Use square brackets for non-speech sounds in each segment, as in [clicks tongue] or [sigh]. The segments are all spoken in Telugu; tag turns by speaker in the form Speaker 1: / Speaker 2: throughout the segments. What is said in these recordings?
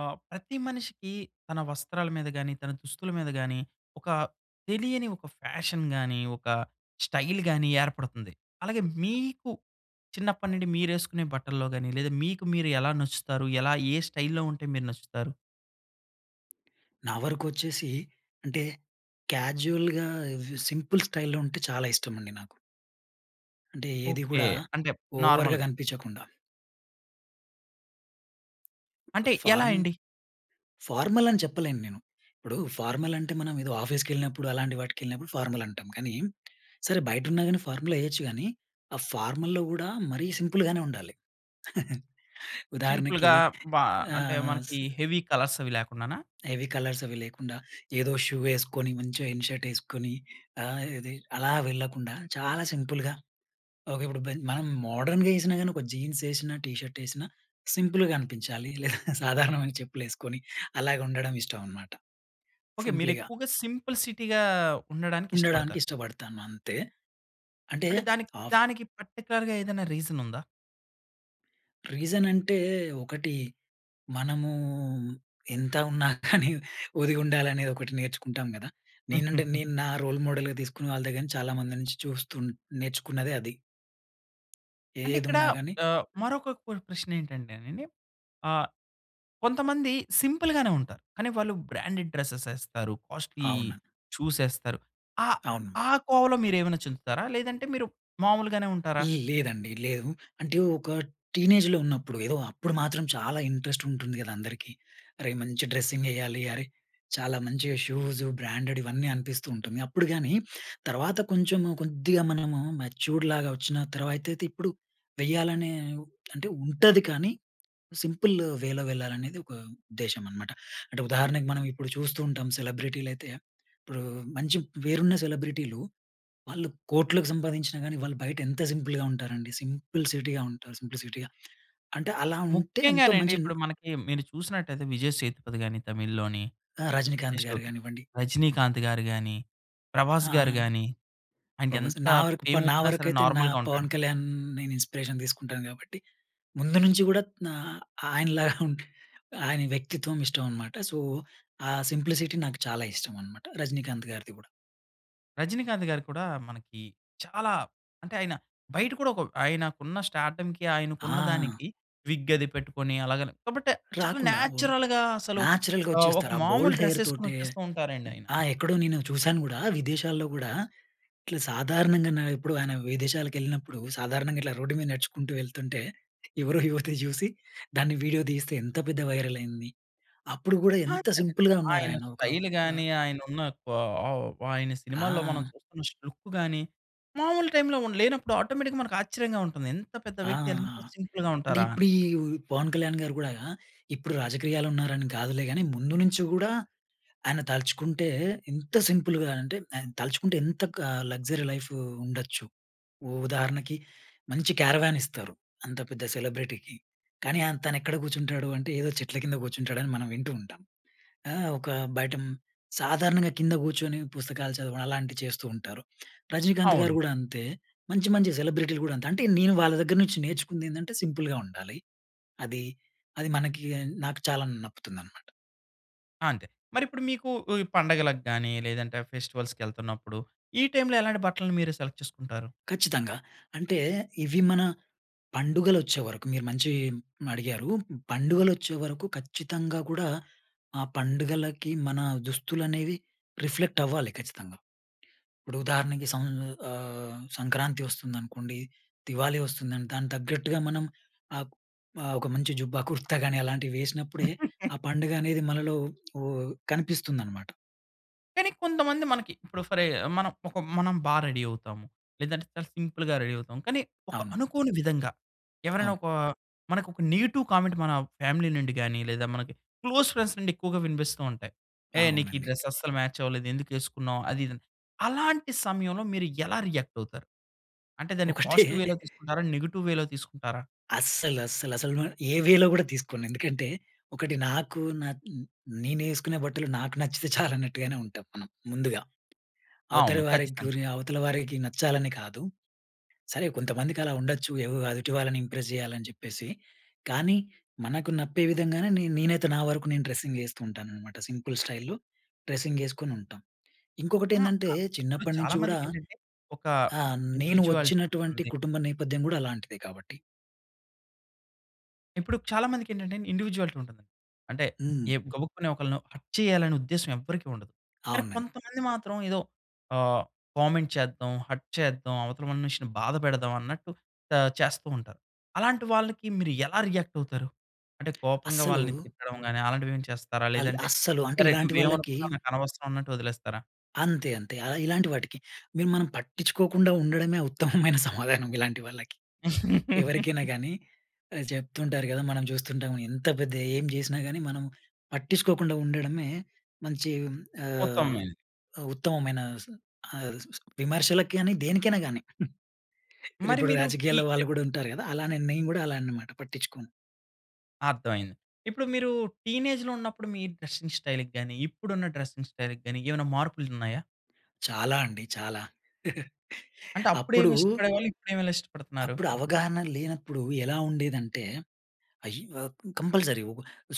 Speaker 1: ఆహ్, ప్రతి మనిషికి తన వస్త్రాల మీద గాని, తన దుస్తుల మీద గానీ, ఒక తెలియని ఒక ఫ్యాషన్ గాని, ఒక స్టైల్ గాని ఏర్పడుతుంది. అలాగే, మీకు చిన్నప్పడి నుండి, మీరేసుకునే బట్టల్లో గాని, లేదా మీకు, మీరు ఎలా నచ్చుతారు? ఎలా ఏ స్టైల్‌లో ఉంటే మీరు నచ్చుతారు?
Speaker 2: నావరకొచ్చేసి, అంటే క్యాజువల్‌గా ఇది సింపుల్ స్టైల్‌లో ఉంటే చాలా ఇష్టమండి నాకు. అంటే, ఏది
Speaker 1: ఓకె.
Speaker 2: కూడా,
Speaker 1: అంటే,
Speaker 2: ఓవర్‌గా
Speaker 1: నార్మల్‌గా.
Speaker 2: గనిపించకుండా.
Speaker 1: అంటే, ఎలా
Speaker 2: ఫార్మ్
Speaker 1: అండి?
Speaker 2: ఫార్మల్ అని చెప్పలేను నేను. ఇప్పుడూ ఫార్మలంటే, మనం ఏదో ఆఫీస్‌కెళ్ళినప్పుడు, అలాంటి వాటికెళ్ళినపుడు ఫార్మలంటం. కానీ, సరే, బయటున్నా గాని, ఫార్ములేయొచ్చు గానీ, ఆ ఫార్మల్‌లో గూడా, మరీ సింపుల్‌గానే ఉండాలి. [chuckles] ఉదాహరణకి.
Speaker 1: సింపుల్‌గా బ అంటే,
Speaker 2: ఆహ్, స్
Speaker 1: మనకీ హెవీ కలర్స్ అవి లేకుండానా?
Speaker 2: హెవీ కలర్సవీ లేకుండా, ఏదో షూ వేసుకొని, మంచిగా ఇన్ షర్ట్ ఏసుకొని, ఆహ్, ఇది అలా వెళ్ళకుండా, చాలా సింపుల్‌గా. ఓకే, ఇప్పుడు బెన్ మనం మోడ్రన్‌గా ఏసినా గాని, ఒక జీన్సేసినా, టీ షర్ట్ ఏసినా సింపుల్‌గా అనిపించాలి. లేదా సాధారణమైన చెప్పులు వేసుకొని, అలాగే ఉండడం ఇష్టం అనమాట,
Speaker 1: ఓకె.
Speaker 2: సింపుల్‌గా.
Speaker 1: మీరెక్కువగా సింపుల్ సిటీగా
Speaker 2: ఉండడానికి
Speaker 1: ఉండడానికిష్టపడతారు.
Speaker 2: ఇష్టపడతాను అంతే. అంటే
Speaker 1: అంటే, దానికి
Speaker 2: ఆఫ్
Speaker 1: దానికి పర్టిక్యులర్‌గా ఏదైనా రీజనుందా?
Speaker 2: రీజనంటే, ఒకటి మనము ఎంత ఉన్నా [chuckles] కానీ, ఒదిగుండాలనేది ఒకటి నేర్చుకుంటాం గదా! నేనంటే,
Speaker 1: [giggles]
Speaker 2: నేను నా రోల్ మోడల్‌గా తీసుకున్న వాళ్ళ దెగ్గర నుంచి, చాలామంది నుంచి చూస్తూ నేర్చుకున్నదే అది.
Speaker 1: అంటే ఇక్కడా,
Speaker 2: ఏదున్నా గాని
Speaker 1: ఆహ్, మరొక క్వ ప్రశ్నేంటంటేనండి, ఆహ్, కొంతమంది సింపుల్‌గానే ఉంటారు. కానీ వాళ్ళు బ్రాండెడ్ డ్రెస్సెస్ యేస్తారు. కాస్ట్‌లి
Speaker 2: అవునా?
Speaker 1: చూసేస్తరు. ఆ,
Speaker 2: అవును.
Speaker 1: ఆ కోవలో మీరేమన్నా చేందుతారా? లేదంటే మీరు మామూలుగానే ఉంటారా?
Speaker 2: ల్ లేదండి, లేదు. అంటే, ఒక టీనేజ్‌లో ఉన్నప్పుడు, ఏదో అప్పుడు మాత్రం చాలా ఇంట్రెస్టుంటుంది గదా అందరికీ. అరేయ్! మంచి డ్రెస్సింగెయ్యాలి, అరే! చాలా మంచిగా షూజు, బ్రాండెడివన్నీ అనిపిస్తూ ఉంటుంది. అప్పుడు గానీ, తర్వాత కొంచెము కొద్దిగా మనము మెచ్యూర్డ్‌లాగా వచ్చిన తర్వా అయితే ఇప్పుడు, వేయాలనే ఉ అంటే ఉంటది కానీ, [swallows] సింపులు వేలో వెళ్లాలనేది ఒక ఉద్దేశమనమాట. అంటే ఉదాహరణకు మనం ఇప్పుడు చూస్తూ ఉంటాం, సెలబ్రిటీలయితే ఇప్పుడూ, మంచి పేరున్న సెలబ్రిటీలు, వాళ్ళు కోట్లకు సంపాదించినా గాని, వాళ్ళు బయటెంత సింపుల్‌గా ఉంటారండి. సింపుల్‌సిటీ‌గా ఉంటారు. సింప్లిసిటీ‌గా [smacks lips] అంటే, అలా ఉంటే ఎంతో
Speaker 1: ముఖ్యంగానండి
Speaker 2: మంచిన్
Speaker 1: ఇప్పుడు మనకి, మీరు చూసినట్టయితే 'విజయ్ సేతుపతి' గాని తమిళ్‌లోని,
Speaker 2: ఆ! 'రజనీకాంత్'
Speaker 1: నెక్స్టు
Speaker 2: గారు గానివ్వండి.
Speaker 1: 'రజినీకాంత్' గారు గాని, 'ప్రభాస్'
Speaker 2: ఆ!
Speaker 1: గారు గాని
Speaker 2: ప్రబాసే,
Speaker 1: ఆయనకెంత
Speaker 2: నా వరకు ప నా
Speaker 1: ఫేమోచ్చినా సరే
Speaker 2: వరకైతే, నా
Speaker 1: నార్మల్‌గా ఉంటాడు.
Speaker 2: 'పవన్ కళ్యాణ్' నేనిన్స్పిరేషన్ తీసుకుంటాను గాబట్టి, ముందు నుంచి గూడా, నా ఆయనలాగా [chuckles] ఉంట్ ఆయన వ్యక్తిత్వం ఇష్టం అనమాట. సో, ఆ సింప్లిసిటీ నాకు చాలా ఇష్టం అనమాట. రజినీకాంత్ గారిది గూడా.
Speaker 1: రజినీకాంత్ గారు కూడా మనకి, చాలా అంటే, ఆయన బయట కూడా ఒక ఆయనకున్న స్టార్డమ్‌కి, ఆయనకున్న
Speaker 2: ఆ!
Speaker 1: దానికి, విగ్ అది పెట్టుకొని, అలాగని కాబట్టి చాలా
Speaker 2: రాకుండా ఉం
Speaker 1: నేచురల్‌గా అసలు
Speaker 2: నేచురల్‌గా
Speaker 1: ఆహ్, ఒక
Speaker 2: వచ్చేస్తారు. ఆ
Speaker 1: మామూలు
Speaker 2: బోల్డ్
Speaker 1: డ్రెస్
Speaker 2: హెయిర్
Speaker 1: ఏసుకొని,
Speaker 2: తోటే.
Speaker 1: వచ్చేస్తూ ఉంటారండి ఆయన.
Speaker 2: ఆ! ఎక్కడో, నేను చూసాను గూడా. విదేశాల్లో గూడా, ఇట్లా సాధారణంగా నా ఎప్పుడు, ఆయన విదేశాలకెళ్ళినప్పుడు సాధారణంగా, ఇట్లా రోడ్డు మీద నడుచుకుంటూ వెళ్తుంటే, ఎవరో యువతి చూసి దాన్ని వీడియో తీస్తే, ఎంత పెద్ద వైరల్ అయింది. అప్పుడు గూడా
Speaker 1: అలా
Speaker 2: ఎంత
Speaker 1: కదండీ.
Speaker 2: సింపుల్‌గా ఉన్నారు.
Speaker 1: ఆయన
Speaker 2: ఆయన ఒక వా
Speaker 1: స్టైల్‌గాని, ఆయన ఉన్న కొ ఆహ్, ఆయన సినిమాల్లో మనం
Speaker 2: ఆ!
Speaker 1: చూస్తున్న లుక్కు గాని, మావులు టైమ్‌లో ఉం లేనప్పుడు ఆటోమేటిక్‌గా, మనకు ఆశ్చర్యంగా ఉంటుంది. ఎంత పెద్ద
Speaker 2: ఆ!
Speaker 1: వ్యక్తి, ఎంత సింపుల్‌గా
Speaker 2: అంటే
Speaker 1: ఉంటారా!
Speaker 2: ఇప్పుడు
Speaker 1: అని.
Speaker 2: ఈ పవన్ కళ్యాణ్ గారు గూడా, ఇప్పుడు రాజక్రీయాలో ఉన్నారని కాదులే, గానీ ముందు నుంచి గూడా ఆయన తలచుకుంటే, ఎంత సింపుల్‌గా అంటే, ఆయన తలచుకుంటే ఎంత క లగ్జరీ లైఫ్ ఉండొచ్చు. ఉ ఉదాహరణకి మంచి కరేవాన్ ఇస్తారు. అంత పెద్ద సెలబ్రిటీకి, కానీ, ఆయన తను ఎక్కడ కూర్చుంటాడు అంటే ఏదో చెట్ల కింద కూర్చుంటాడు. అని మనం వింటూ ఉంటాం. ఆహ్, ఒక బయట సాధారణంగా కింద కూర్చొని పుస్తకాలు చదవడం. అలాంటివి చేస్తూ ఉంటారు. రజినీకాంత్ గారు
Speaker 1: అవును.
Speaker 2: గూడా అంతే. మంచి మంచి సెలబ్రిటీలు గూడా అంతే. అంటే నేను వాళ్ళ దగ్గర నుంచి నేర్చుకుంది. ఏందంటే సింపుల్‌గా ఉండాలి. అది, అది మనకి నాకు చాలా నప్పుతుందన్నమాట.
Speaker 1: ఆ! అంతే. మరి ఇప్పుడు మీకు ఈ పండగలకు గాని, లేదంటే ఫెస్టివల్స్‌కెళ్తున్నప్పుడు, ఈ టైమ్‌లో, ఎలాంటి బట్టల్ని మీరు సెలెక్ట్ చేసుకుంటారు?
Speaker 2: ఖచ్చితంగా. అంటే, ఇవి మన, పండుగలు వచ్చేవరకు మీరు మంచి హ్మ్, అడిగారు. పండుగలు వచ్చేవరకు ఖచ్చితంగా కూడా ఆహ్, పండుగలకి మన దుస్తులనేవి రిఫ్లెక్ట్ అవ్వాలి ఖచ్చితంగా. ఇప్పుడు ఉదాహరణకి సం ఆహ్, సంక్రాంతి వస్తుందనుకోండి, దివాళీ వస్తుంది. దానికి తగ్గట్టుగా మనం, ఆ ఆహ్, ఒక మంచి జుబ్బా, కుర్తా కాని అలాంటివి వేసినప్పుడే,
Speaker 1: [chuckles]
Speaker 2: ఆ పండుగ అనేది మనలో ఓహ్, కనిపిస్తుందనమాట.
Speaker 1: కానీ కొంతమంది మనకి, ఇప్పుడు ఫరె మనం ఒక మనం బా రెడీ అవుతాము. లేదంటే, చాలా సింపుల్‌గా రెడీ అవుతాము. కానీ, ఒక
Speaker 2: అవును.
Speaker 1: అనుకోని విధంగా, ఎవరైనా
Speaker 2: అవును.
Speaker 1: ఒక మనకు ఒక నెగెటివ్ కామెంట్ మన ఫ్యామిలీ నుండి గాని, లేదా మనకి క్లోజ్ ఫ్రెండ్స్ నుండి ఎక్కువగా వినిపిస్తూ ఉంటాయి. ఏ, నీకు ఈ
Speaker 2: అవునండి.
Speaker 1: డ్రెస్ అస్సలు మ్యాచ్ అవ్వలేదు ఎందుకు వేసుకున్నావు? అది, ఇది అని. అలాంటి సమయంలో మీరు ఎలా రియాక్ట్ అవుతారు? అంటే, దాన్ని
Speaker 2: ఒకటే.
Speaker 1: పాజిటివ్
Speaker 2: [chuckles]
Speaker 1: వేలో తీసుకుంటారా? నెగెటివ్ వేలో తీసుకుంటారా?
Speaker 2: అస్సలు అస్సల, అసలు నేను ఏ వేలో కూడా తీసుకోను. ఎందుకంటే, ఒకటి నాకు, నా నేనేసుకునే బట్టలు నాకు నచ్చితే చాలు అన్నట్టుగానే ఉంటాం మనం ముందుగా. అవతల
Speaker 1: అవును
Speaker 2: వారికి
Speaker 1: ఖచ్చితంగా.
Speaker 2: గురి అవతల వారికి నచ్చాలని కాదు. సరే, కొంతమందికి అలా ఉండొచ్చు. ఏవో ఎదుటి వాళ్ళని ఇంప్రెస్ చేయాలని చెప్పేసి. కానీ, మనకు నప్పే విధంగానే, నే నేనైతే నా వరకూ నేను, డ్రెస్సింగ్ వేస్తూ ఉంటాననమాట. సింపుల్ స్టైల్‌లో డ్రెస్సింగేసుకొని ఉంటాం. ఇంకొకటి
Speaker 1: హ్మ్.
Speaker 2: ఏందంటే,
Speaker 1: ఆ! ఇప్పుడు
Speaker 2: చిన్నప్పటి
Speaker 1: చాలా
Speaker 2: నుంచి కూడా,
Speaker 1: మందికి ఏంటంటే, ఒక
Speaker 2: ఆహ్, నేను
Speaker 1: ఇండివిజువాలిటీ
Speaker 2: వచ్చినటువంటి
Speaker 1: ఉంది.
Speaker 2: కుటుంబ నేపథ్యం కూడా అలాంటిదే కాబట్టి.
Speaker 1: ఇప్పుడు చాలా మందికి ఏంటంటే ఇండివిడ్యువాలిటీ ఉంటది. అంటే
Speaker 2: హ్మ్.
Speaker 1: ఏ గబుక్కుని ఒకళ్ళని హర్ట్ చేయాలనే ఉద్దేశ్యం ఎవ్వరికీ ఉండదు. కానీ
Speaker 2: అవునండి.
Speaker 1: కొంతమంది మాత్రం, ఏదో ఆహ్, కామెంట్ చేద్దాం, హర్ట్ చేద్దాం, అవతల మనిషిని బాధ పెడదాం. అన్నట్టు ఆహ్, చేస్తూ ఉంటారు. అలాంటి వాళ్ళకి మీరు ఎలా రియాక్ట్ అవుతారు? అంటే
Speaker 2: [clicks tongue]
Speaker 1: కోపంగా
Speaker 2: అస్సలు
Speaker 1: వాళ్ళని తిట్టడం గాని అలాంటివి ఏమైనా చేస్తారా?
Speaker 2: అల్
Speaker 1: లేదంటే
Speaker 2: అస్సలు అంటే,
Speaker 1: సరే
Speaker 2: ఇలాంటి వాళ్ళకి
Speaker 1: నువ్వేమనుకున్నా నాకనవసరం ఉన్నట్టు వదిలేస్తారా?
Speaker 2: అంతే, అంతే. ఆహ్, ఇలాంటి వాటికి మేం మనం పట్టిచుకోకుండా ఉండడమే ఉత్తమమైన [chuckles] సమాధానం. ఇలాంటి వాళ్ళకి. ఎవరికైనా
Speaker 1: [laughs]
Speaker 2: గానీ ఆహ్, చెప్తుంటారు కదా! మనం చూస్తుంటాం ఎంత పెద్ద, ఏం చేసినా గానీ మనం పట్టిచుకోకుండా ఉండడమే మంచి ఆహ్,
Speaker 1: ఉత్తమమైన.
Speaker 2: ఉ ఉత్తమమైన స్ ఆహ్, స్ విమర్శలకి గానీ, దేనికైనా గానీ, [giggles] ఇ
Speaker 1: మరి
Speaker 2: ఇప్పుడు
Speaker 1: మీరు
Speaker 2: రాజకీయాల్లో
Speaker 1: టిట్
Speaker 2: వాళ్ళు కూడా ఉంటారు కదా! అలా నేను గూడా అలా అన్నమాట పట్టించుకోను.
Speaker 1: అర్థం అయింది. ఇప్పుడు మీరు టీనేజ్‌లో ఉన్నప్పుడు మీ డ్రెసింగ్ స్టైల్‌కి గాని, ఇప్పుడు ఉన్న డ్రెసింగ్ స్టైల్‌కి గాని, ఏమైనా మార్పులు ఉన్నాయా?
Speaker 2: చాలా అండి. చాలా. [chuckles]
Speaker 1: అంటే,
Speaker 2: అప్పుడూ...
Speaker 1: అప్పుడేమి ఇష్టపడేవాళ్ళు? ఇప్పుడేమి ఇష్టపడుతున్నారు?
Speaker 2: అప్పుడు అవగాహన లేనప్పడు, ఎలా ఉండేదంటే అయ్యో కంపల్సరీ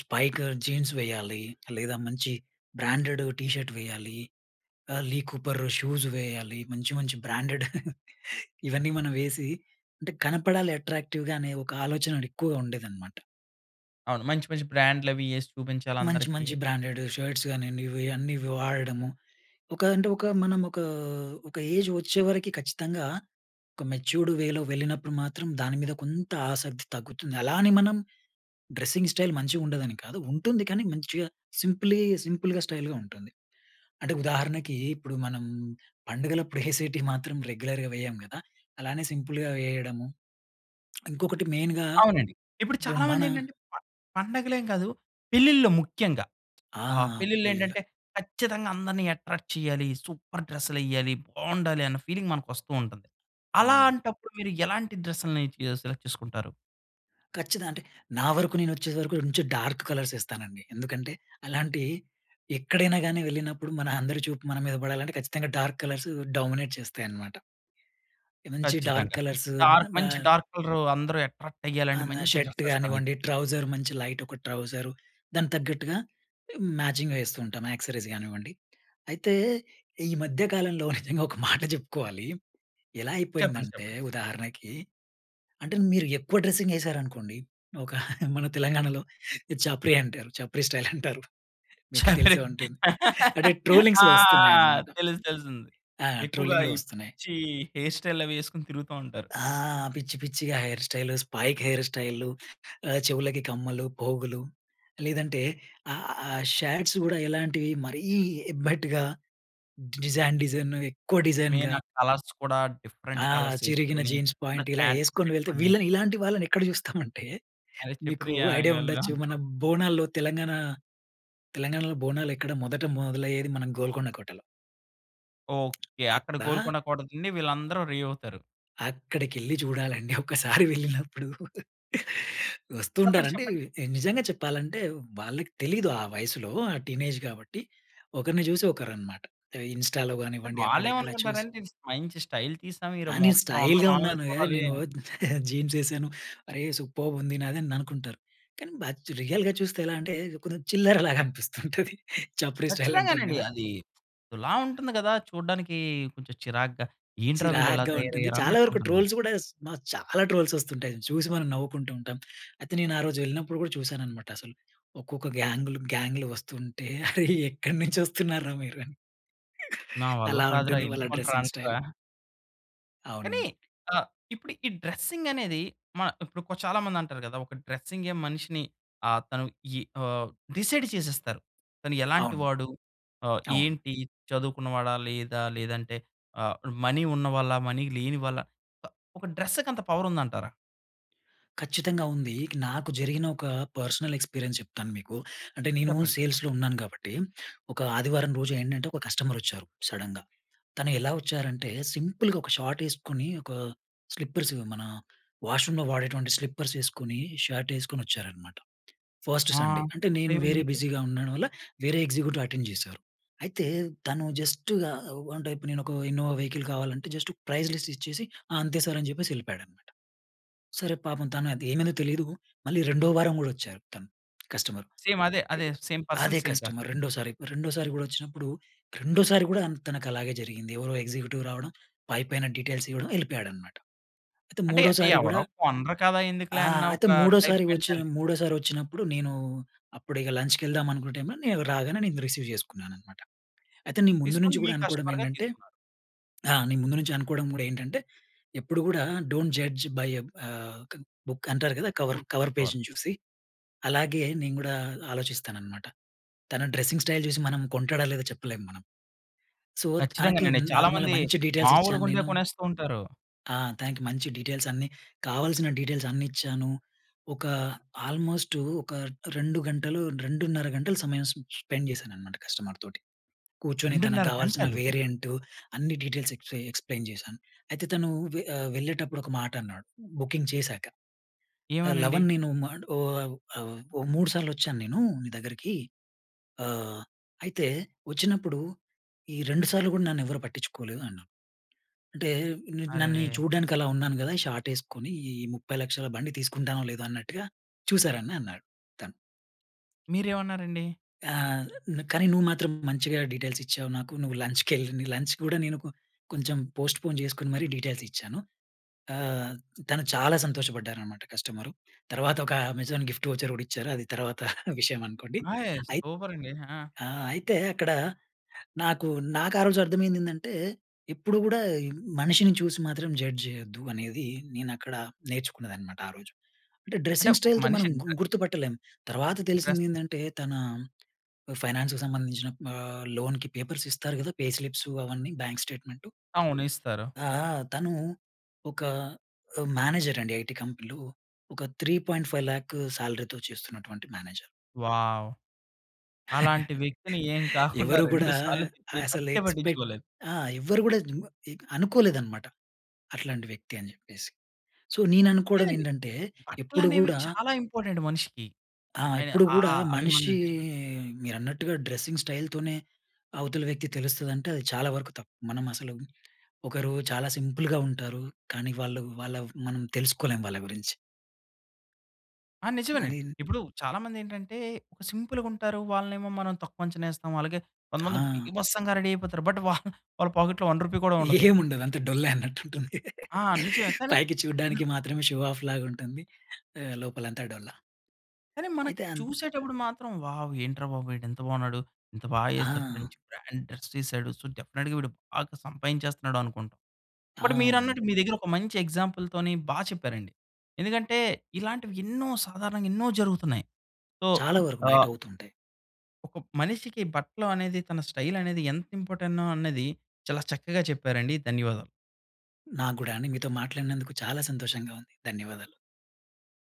Speaker 2: స్పైక్ జీన్స్ వేయాలి. లేదా మంచి బ్రాండెడ్ టీ షర్ట్ వేయాలి. ఆహ్, లీ కూపర్ షూస్ వేయాలి. మంచి, మంచి బ్రాండెడ్ [chuckles] ఇవన్నీ మనం వేసి, అంటే కనపడాలి అట్రాక్టివ్‌గా అనే ఒక ఆలోచన ఎక్కువగా ఉండేదనమాట.
Speaker 1: అవును. మంచి, మంచి బ్రాండ్‌‌లు అవి ఏసి చూపించాలి
Speaker 2: మంచి,
Speaker 1: అందరికి.
Speaker 2: మంచి బ్రాండెడ్ షర్ట్స్ గానియండి, ఇవి అన్నీ వాడడము. ఒక అంటే, ఒక మనం ఒక, ఒక ఏజ్ వచ్చేవరకి ఖచ్చితంగా ఒక మెచ్యూర్డ్ వేలో వెళ్ళినప్పుడు మాత్రం, దాని మీద కొంత ఆసక్తి తగ్గుతుంది. అలా అని మనం డ్రెస్సింగ్ స్టైల్ మంచిగుండదని కాదు. ఉంటుంది కానీ మంచిగా సింప్లీ సింపుల్‌గా, స్టైల్‌గా ఉంటుంది. అంటే ఉదాహరణకి ఇప్పుడు మనం పండుగలపుడు [giggles] ఏసెటివి మాత్రం రెగ్యులర్‌గా వేయము కదా! అలానే సింపుల్‌గా వేయడము. ఇంకొకటి మెయిన్‌గా,
Speaker 1: అవునండి. ఇప్పుడు చాలా
Speaker 2: మన
Speaker 1: మందేంటంటే ప పండగలేం కాదు. పెళ్ళిల్లో ముఖ్యంగా.
Speaker 2: ఆ!
Speaker 1: ఆహ్, పెళ్ళిళ్ళు
Speaker 2: పెళ్లిలో.
Speaker 1: ఏంటంటే ఖచ్చితంగా అందరిని ఎట్రాక్ట్ చెయ్యాలి. సూపర్ డ్రెస్సులెయ్యాలి, బావుండాలి అన్న ఫీలింగ్ మనకు వస్తూ ఉంటది.
Speaker 2: అవును.
Speaker 1: అలాంటప్పుడు మీరు ఎలాంటి డ్రెస్‌లని మీరు సెలెక్ట్ చేసుకుంటారు?
Speaker 2: ఖచ్చిద అంటే, నా వరకు నేను వచ్చే సరకు మంచి డార్క్ కలర్స్ ఏస్తానండి. ఎందుకంటే, అలాంటి ఎక్కడైనాగాని వెళ్ళినప్పుడు, మన అందరి చూపు మన మీద పడాలంటే, ఖచ్చితంగా డార్క్ కలర్స్ డామినేట్ చేస్తాయి అన్నమాట. మంచి డార్క్
Speaker 1: ఖచ్చితంగా.
Speaker 2: కలర్స్.
Speaker 1: డార్క్
Speaker 2: మా
Speaker 1: మంచి డార్క్ కలర్ అందరూ అట్రాక్ట్
Speaker 2: ఆ!
Speaker 1: అయ్యాలంటే,
Speaker 2: నా
Speaker 1: మంచి
Speaker 2: షర్ట్
Speaker 1: డ్రెస్ ఏస్తారైతే.
Speaker 2: గానివ్వండి. ట్రౌజర్ మంచి లైట్ ఒక ట్రౌజర్. దానికి తగ్గట్టుగా మ్యాచింగ్ ఏస్తూ ఉంటాం, యాక్సరీస్ గానివ్వండి. అయితే, ఈ మధ్య కాలంలో నిజంగా ఒక మాట జెప్పుకోవాలి. ఎలా
Speaker 1: చెప్పండి.
Speaker 2: అయిపోయిందంటే,
Speaker 1: చెప్పండి.
Speaker 2: ఉదాహరణకి అంటే, మీరు ఎక్కువ డ్రెస్సింగ్ ఏసారనుకోండి. ఒక మన తెలంగాణలో, ఇది చాప్రి అంటారు. చాప్రీ స్టైల్ అంటారు. మీకు తెలిసే ఉంటుంది. అంటే
Speaker 1: [laughs] ఆ! ఆ!
Speaker 2: ట్రోలింగ్స్‌లో వస్తున్నాయన్నమాట.
Speaker 1: తెలుసు, తెలుసింది.
Speaker 2: ఆ!
Speaker 1: ఎక్కువగా
Speaker 2: ట్రోలింగ్‌లో
Speaker 1: ఈ
Speaker 2: వస్తున్నాయి.
Speaker 1: పిచ్చి హెయిర్ స్టైల్ అవి ఏసుకొని తిరుగుతా ఉంటారు.
Speaker 2: ఆ! పిచ్చి, పిచ్చిగా hair style, spike hair style, చెవులకి కమ్మలు, పోగులు లేదంటే ఆ! షాట్స్ గూడా ఎలాంటివి మరీ ఎబ్బేటుగా, డిజన్ డిజైన్ ఎక్కువ
Speaker 1: మెయిన్
Speaker 2: డిజైన్‌గా.
Speaker 1: ఆ కలర్స్ కూడా, డిఫరెంట్
Speaker 2: ఆ
Speaker 1: కలర్స్
Speaker 2: చిరిగిన
Speaker 1: ఏసుకొని,
Speaker 2: జీన్స్
Speaker 1: కింద
Speaker 2: పాంట్. ఇలా
Speaker 1: ప్యాంట్
Speaker 2: ఏసుకొని వెళ్తే,
Speaker 1: పెట్టుకొని
Speaker 2: వీళ్ళని ఇలాంటి వాళ్ళని ఎక్కడ [giggles] జూస్తామంటే,
Speaker 1: అదే
Speaker 2: మీకు
Speaker 1: చాప్రి
Speaker 2: ఐడియా
Speaker 1: గాళ్ళ
Speaker 2: ఉండొచ్చు. మన
Speaker 1: అంటాం.
Speaker 2: బోనాల్లో తెలంగాణ, తెలంగాణాలో బోనాలు ఎక్కడ మొదట మొదలయ్యేది మన గోల్కొండ కోటలో.
Speaker 1: ఓకే. అక్కడ
Speaker 2: అదా!
Speaker 1: గోల్కొండ కోట నుండీ వీళ్ళందరూ రీ అవుతారు.
Speaker 2: అక్కడికెళ్లి చూడాలండి. ఒక్కసారి వెళ్ళినప్పుడు,
Speaker 1: చెప్పండి,
Speaker 2: వస్తూంటారండి.
Speaker 1: చెప్పండి.
Speaker 2: ఎ నిజంగా చెప్పాలంటే, వాళ్ళకి తెలీదు ఆ వయసులో, ఆ టీనేజ్ గాబట్టి. ఒకర్ని జూసి ఒకరనమాట. ఎవ ఇన్‌స్టాలో
Speaker 1: అంటే
Speaker 2: గానివ్వండి, అక్కడ, ఇక్కడ చూసి
Speaker 1: వాళ్ళేవనుకుంటారంటే, ఇది మంచి స్టైల్ తీసాం.
Speaker 2: ఆ!
Speaker 1: ఈరో
Speaker 2: నేను
Speaker 1: మొత్తం అందరు
Speaker 2: స్టైల్‌గా
Speaker 1: మనల్నే
Speaker 2: ఉన్నాను. ఏహ్!
Speaker 1: చూడాలీ
Speaker 2: నేను ఓ [chuckles] జీన్సేసేను. అరే! సూపర్బ్ ఉంది నాది అననుకుంటారు. కాని, బట్ రియల్‌గా చూస్తే, ఎలా అంటే, కొంచెం చిల్లర లాగా అనిపిస్తుంటది. చప్రి స్టైల్ అంటాం
Speaker 1: ఖచ్చితంగానండి.
Speaker 2: గదా!
Speaker 1: అది, అదోలా ఉంటుంది కదా! చూడ్డానికి కొంచెం చిరాగ్గా. ఏంట్రా! వీళ్ళిలా
Speaker 2: చిరాగ్గా ఉంటుంది. చాలా వరకు
Speaker 1: తయారయ్యారన్నట్టుంటుంది.
Speaker 2: ట్రోల్స్ గూడా స్ మ చాలా ట్రోల్సొస్తుంటాయి. చూసి మనం నవ్వుకుంటూ ఉంటం. అయితే, నేను ఆ రోజు వెళ్ళినప్పుడు కూడా, చూసానన్నమాట అసలు. ఒక్కొక్క గాంగ్‌లు, గాం‌గ్‌లు వస్తుంటే ఎక్కడి నుంచి వస్తున్నారు రా మీరు? అని.
Speaker 1: నా వల్ల
Speaker 2: అలా
Speaker 1: కాదురా!
Speaker 2: ఉంటుంది వాళ్ళ
Speaker 1: ఎళ్లిపోండి రా!
Speaker 2: Dressing style.
Speaker 1: అనేశావా? కానీ,
Speaker 2: అవునండి.
Speaker 1: ఆహ్, ఇప్పుడు ఈ డ్రెసింగనేది, మ ఇప్పుడు చాలా కొ చాలా మంది అంటరు కదా! ఒక డ్రెసింగే మనిషిని ఆహ్, తను ఈ ఆహ్, డిసైడ్ చేసేస్తరు. తను ఎలాంటి
Speaker 2: అవును.
Speaker 1: వాడు? ఆహ్,
Speaker 2: అవును.
Speaker 1: ఏంటి? చదువుకున్నవాడా, లేదా? లేదంటే ఆహ్, మనీ ఉన్నవాళ్ళా, మనీ లేని వాళ్ళా ప ఒక డ్రెస్సకంత పవరుందంటారా?
Speaker 2: ఖచ్చితంగా ఉంది. నాకు జరిగిన ఒక పర్సనల్ ఎక్స్పీరియన్స్ చెప్తాను మీకు. అంటే నీను
Speaker 1: చెప్పండి.
Speaker 2: సేల్స్‌లో ఉన్నాను గాబట్టి, ఒక ఆదివారం రోజు ఏంటంటే, ఒక కస్టమరొచ్చారు సడెన్‌గా. తను ఎలా వచ్చారంటే, సింపుల్‌గా ఒక షార్ట్ ఏసుకుని ఒక స్లిప్పర్స్ ఇవి మన, వాష్ రూమ్‌లో వాడేటువంటి స్లిప్పర్స్ ఏసుకుని, షర్ట్ ఏసుకునొచ్చారనమాట. ఫస్ట్
Speaker 1: ఆ!
Speaker 2: సండే. అంటే నేను వేరే
Speaker 1: అప్పుడేమైందండి?
Speaker 2: బిజీగా ఉండడం వల్ల, వేరే ఎగ్జిక్యూటివ్ అటెండ్ జేశారు. అయితే, తను జస్ట్‌గా ఓహ్, అంటే, ఇప్పుడు నేనొక ఇన్నోవా వెహికల్ కావాలంటే, జస్ట్ ప్రైస్ లిస్ట్ ఇచ్చేసి, "ఆ! అంతే సార్" అని జెప్పేసి ఎళిపోయాడనమాట. సరే, పాపం తనది ఏమైందో తెలీదు. మళ్ళీ రెండో వారం గూడా వచ్చారు తను. కస్టమరు.
Speaker 1: సేమ్ అదే, అదే. సేమ్ పర్సన్,
Speaker 2: అదే
Speaker 1: సేమ్ కార్.
Speaker 2: కస్టమర్ రెండోసారి. రెండోసారి గూడా వచ్చినప్పుడు, రెండోసారి కూడా అంత తనకలాగే జరిగింది. ఎవరో ఎగ్జిక్యూటివ్ రావడం, పైపైన డీటెయిల్స్ ఇవ్వడం, ఎళిపోయాడనమాట. అయితే
Speaker 1: అంటే,
Speaker 2: మూడోసారి గూడా
Speaker 1: ఎవరు కొనరు కదా!
Speaker 2: ఆ!
Speaker 1: ఎందుకులే, అన్న,
Speaker 2: అయితే
Speaker 1: ఒక టైప్
Speaker 2: మూడోసారి వచ్చి
Speaker 1: మెంటాలిటి.
Speaker 2: మూడోసారి వచ్చినప్పుడు నేను, అప్పుడిక లంచ్‌కెళ్దాం అనుకున టైమ్‌లో, నేను రాగానే నేను రిసీవ్ జేసుకున్నాననమాట. అయితే, నీ ముందు
Speaker 1: తీసుకొని,
Speaker 2: నుంచి
Speaker 1: మీ
Speaker 2: గూడా
Speaker 1: కస్టమర్‌గా
Speaker 2: అనుకోడమేంటంటే
Speaker 1: తీసుకున్నారు.
Speaker 2: ఆ! నీ ముందు నుంచి అనుకోడం గూడా ఏంటంటే, ఎప్పుడు గూడా, డోంట్ జడ్జ్ బై ఎ ఆహ్, క్ బుక్ అంటారు కదా! Cover
Speaker 1: good
Speaker 2: cover
Speaker 1: cover.
Speaker 2: పేజ్‌ని చూసి. అలాగే నేను గూడా ఆలోచిస్తాననమాట. తన డ్రెసింగ్ స్టైల్ జూసి, మనం కొంటాడో లేదో చెప్పలేం మనం. సో, తనకి
Speaker 1: ఖచ్చితంగానండి.
Speaker 2: న్
Speaker 1: చాలా
Speaker 2: నార్మల్‌‌గా
Speaker 1: మంది,
Speaker 2: మంచి డీటెయిల్స్ ఇచ్చాను
Speaker 1: మామూలుగుండే
Speaker 2: నేను.
Speaker 1: కొనేస్తూ ఉంటారు.
Speaker 2: ఆ! తనకి మంచి డీటెయిల్స్ అన్నీ, కావాల్సిన డీటెయిల్స్ అన్నిచ్చాను. ఒక ఆల్మోస్టు, ఒక, 2 గంటలు, 2:30 గంటలు సమయం స్ స్పెండ్ జేశాననమాట కస్టమర్ తోటి. కూర్చొని తన
Speaker 1: 2:30
Speaker 2: గావాల్సిన
Speaker 1: గంటలు.
Speaker 2: వేరియంటు, అన్ని డీటెయిల్స్ ఎక్స్‌పే ఎక్స్‌ప్లేన్ జేశాను. అయితే తను వె ఆహ్, వెళ్ళేటప్పుడొక మాటన్నాడు బుకింగ్ చేశాక.
Speaker 1: ఏమనండి?
Speaker 2: "లవన్ నేను మాట్ ఓవ్ అవ్ ఓ మూడు సార్లొచ్చాను నేను, నీ దగ్గరికి. ఆహ్, అయితే, వచ్చినప్పుడు, ఈ రెండు సార్లు గూడ నన్నెవరు పట్టిచ్చుకోలేదు అన్నాడు. అంటే, న్ నన్ని
Speaker 1: అరెరే!
Speaker 2: చూడడానికలా ఉన్నాను గదా! ఈ షార్ట్ ఏసుకొని, ఈ, 30,00,000ల బండి తీసుకుంటానో లేదో అన్నట్టుగా చూసారని" అన్నాడు తను.
Speaker 1: మీరేమన్నారండి?
Speaker 2: "ఆహ్, కానీ నువ్వు మాత్రం మంచిగా డీటెయిల్స్ ఇచ్చావు నాకు. నువ్వు లంచ్‌కెళ్ నీ లంచ్ గూడా" నేను కొ కొంచెం పోస్ట్పోన్ జేసుకొని మరీ డీటెయిల్స్ ఇచ్చాను. ఆహ్, తను చాలా సంతోషపడ్డారనమాట కస్టమరు. తర్వాతొక, అమెజాన్ గిఫ్ట్ వోచర్ కూడిచ్చారు, అది తర్వాత విషయం అనుకోండి.
Speaker 1: హేయ్!
Speaker 2: అయిత్
Speaker 1: సూపరండి. హా!
Speaker 2: ఆ! అయితే అక్కడ, నాకు నాకారోజు అర్థమైందేందంటే, ఎప్పుడు కూడా, మనిషిని చూసి మాత్రం జడ్జ్ జేయద్దు అనేది, నేనక్కడ నేర్చుకున్నదనమాట ఆ రోజు. అంటే
Speaker 1: అంటే
Speaker 2: డ్రెస్సింగ్
Speaker 1: ఒక
Speaker 2: స్టైల్‌తో మనం గు
Speaker 1: మనిషంటే
Speaker 2: గుర్తుపట్టలేం. తర్వాత
Speaker 1: ఇంట్రెస్ట్.
Speaker 2: తెలిసిందేందంటే, తన ఫైనాన్స్‌కి సంబంధించిన ఆహ్, లోన్‍కి పేపర్స్ ఇస్తారు గదా! పే స్లిప్స్ అవన్నీ బ్యాంక్ స్టేట్మెంటు.
Speaker 1: అవును. ఇస్తారు.
Speaker 2: ఆ! ఆ! తను, ఒక ఆహ్, మేనేజర్ అండి. ఐటీ కంపెనీలో. ఒక 3.5 లాఖ్ శాలరీతో చేస్తున్నటువంటి మేనేజర్.
Speaker 1: వావ్! అలాంటి
Speaker 2: [chuckles]
Speaker 1: వ్యక్తిని ఏం కాకుండా
Speaker 2: ఎవరు
Speaker 1: [chuckles] రెండు
Speaker 2: గూడా
Speaker 1: సార్లు తిప్పి,
Speaker 2: అసలు
Speaker 1: పట్టే
Speaker 2: ఎక్స్పెక్ట్
Speaker 1: పట్టించుకోలేదు.
Speaker 2: ఆ! ఎవ్వరు గూడా జు ఇ అనుకోలేదనమాట. అట్లాంటి వ్యక్తి అని జెప్పేసి. సో, నీననుకోడం
Speaker 1: లేదండి.
Speaker 2: ఏంటంటే ఎప్పుడు
Speaker 1: బట్లనేవి
Speaker 2: గూడా
Speaker 1: చాలా ఇంపార్టెంట్ మనిషికి.
Speaker 2: ఆ!
Speaker 1: అయ
Speaker 2: ఎప్పుడు
Speaker 1: అ
Speaker 2: గూడా
Speaker 1: అ
Speaker 2: మనిషి
Speaker 1: అభిమన్యులకి.
Speaker 2: మీరన్నట్టుగా డ్రెసింగ్ స్టైల్ తోనే, అవతల వ్యక్తి తెలుస్తదంటే, అది చాలా వరకు తప్పు. మనమసలు ఒకరు చాలా సింపుల్‌గా ఉంటారు. కానీ, వాళ్ళు వాళ్ళ మనం తెలుసుకోలేం వాళ్ళ గురించి.
Speaker 1: ఆ! నిజమేనండి.
Speaker 2: కానీన్
Speaker 1: ఇప్పుడు చాలా మందేంటంటే, ఒక సింపుల్‌గుంటారు. వాళ్ళనేమో మనం తక్కువంచనేస్తాం. అలాగే, కొంతమంది
Speaker 2: ఆ!
Speaker 1: బీభత్సంగా రెడీ అయిపోతారు. బట్, [chuckles] వాల్ వాళ్ళ పోకెట్‌లో రూ. 1 కూడా ఉండదు.
Speaker 2: ఏం ఉండదంతె డొల్లే అన్నట్టుంటుంది.
Speaker 1: ఆ! నిజమే. కాని,
Speaker 2: పైకి
Speaker 1: లో
Speaker 2: చూడ్డానికి మాత్రమే షో ఆఫ్ లాగుంటుంది. ఆహ్, లోపలంతా డొల్ల.
Speaker 1: కానీ, మనకి
Speaker 2: అయితే అన్
Speaker 1: చూసేటప్పుడు మాత్రం, వావ్! ఏంట్రా బాబు వీడింత బావున్నాడు. ఇంత బా ఏసాడు.
Speaker 2: ఆ!
Speaker 1: మంచి బ్రాండ్ డ్రస్ ఏసాడు. సో, డెఫెనెట్‌గా వీడు బాగా సంపాదించేస్తనాడనుకుంటాం. బట్,
Speaker 2: అవునండి.
Speaker 1: మీరన్నట్టు మీ దగ్గర ఒక మంచి ఎగ్జాంపుల్ తోని బా చెప్పారండి. ఎందుకంటే, ఇలాంటివి ఎన్నో సాధారణంగా ఎన్నో జరుగుతున్నాయి. సో,
Speaker 2: చాలా వరకు
Speaker 1: ఆ
Speaker 2: బయటవుతుంటాయి.
Speaker 1: ఒక మనిషికి బట్టలు అనేది, తన స్టైల్ అనేది, ఎంత ఇంపోర్టెన్నో అన్నది, చాలా చక్కగా చెప్పేరండి. ధన్యవాదాలు.
Speaker 2: నాకు గూడా అండి. మీతో మాట్లాడినందుకు చాలా సంతోషంగా ఉంది. ధన్యవాదాలు.